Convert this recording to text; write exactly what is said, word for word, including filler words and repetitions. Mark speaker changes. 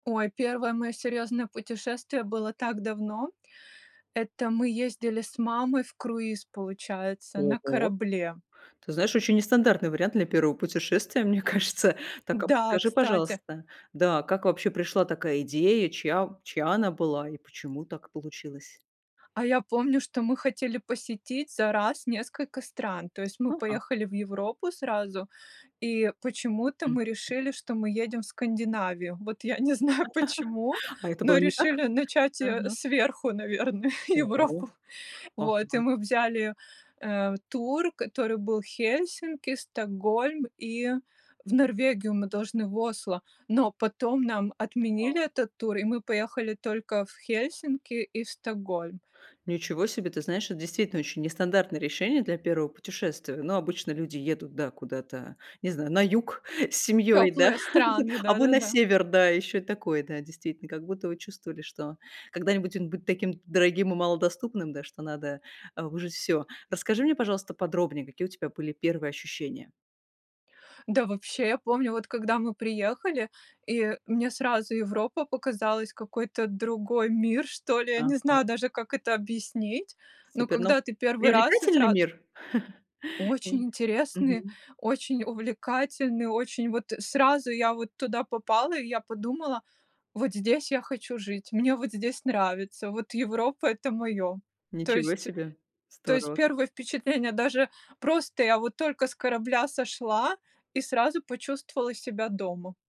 Speaker 1: Ой, первое моё серьезное путешествие было так давно. Это мы ездили с мамой в круиз, получается, на
Speaker 2: Ого.
Speaker 1: корабле.
Speaker 2: Ты знаешь, очень нестандартный вариант для первого путешествия, мне кажется. Так, а
Speaker 1: Да,
Speaker 2: подскажи,
Speaker 1: кстати.
Speaker 2: пожалуйста, да, как вообще пришла такая идея, чья чья она была и почему так получилось?
Speaker 1: А я помню, что мы хотели посетить за раз несколько стран. То есть мы
Speaker 2: Ага.
Speaker 1: поехали в Европу сразу, и почему-то мы
Speaker 2: Мгм.
Speaker 1: решили, что мы едем в Скандинавию. Вот я не знаю почему,
Speaker 2: А это было
Speaker 1: но
Speaker 2: не так?
Speaker 1: решили начать, э,
Speaker 2: Ага.
Speaker 1: сверху, наверное, Европу.
Speaker 2: О,
Speaker 1: Вот, и
Speaker 2: ага.
Speaker 1: мы взяли, э, тур, который был в Хельсинки, Стокгольм, и в Норвегию мы должны в Осло. Но потом нам
Speaker 2: Та
Speaker 1: отменили этот тур, и мы поехали только в Хельсинки и в Стокгольм.
Speaker 2: Ничего себе. Ты знаешь, это действительно очень нестандартное решение для первого путешествия. Ну, обычно люди едут, да, куда-то, не знаю, на юг с семьей, да,
Speaker 1: Тёплые
Speaker 2: а вы
Speaker 1: страны,
Speaker 2: а вы на
Speaker 1: да-да-да.
Speaker 2: север, да, ещё и такое. Да, действительно, как будто вы чувствовали, что когда-нибудь он будет таким дорогим и малодоступным, да, что надо а вы уже всё. Расскажи мне, пожалуйста, подробнее, какие у тебя были первые ощущения?
Speaker 1: Да, вообще, я помню, вот когда мы приехали, и мне сразу Европа показалась- какой-то другой мир, что ли, я не
Speaker 2: Ага.
Speaker 1: знаю даже, как это объяснить, но
Speaker 2: Супер, но
Speaker 1: когда ты первый раз и
Speaker 2: привлекательный
Speaker 1: сразу
Speaker 2: мир. Н
Speaker 1: Очень интересный,
Speaker 2: Мгм.
Speaker 1: очень увлекательный, очень вот сразу я вот туда попала. И я подумала: "Вот здесь я хочу жить". "Мне вот здесь нравится". "Вот Европа- это моё". То
Speaker 2: Ничего
Speaker 1: есть
Speaker 2: себе.
Speaker 1: то есть
Speaker 2: Здорово.
Speaker 1: первое впечатление: даже просто я вот только с корабля сошла и сразу почувствовала себя дома.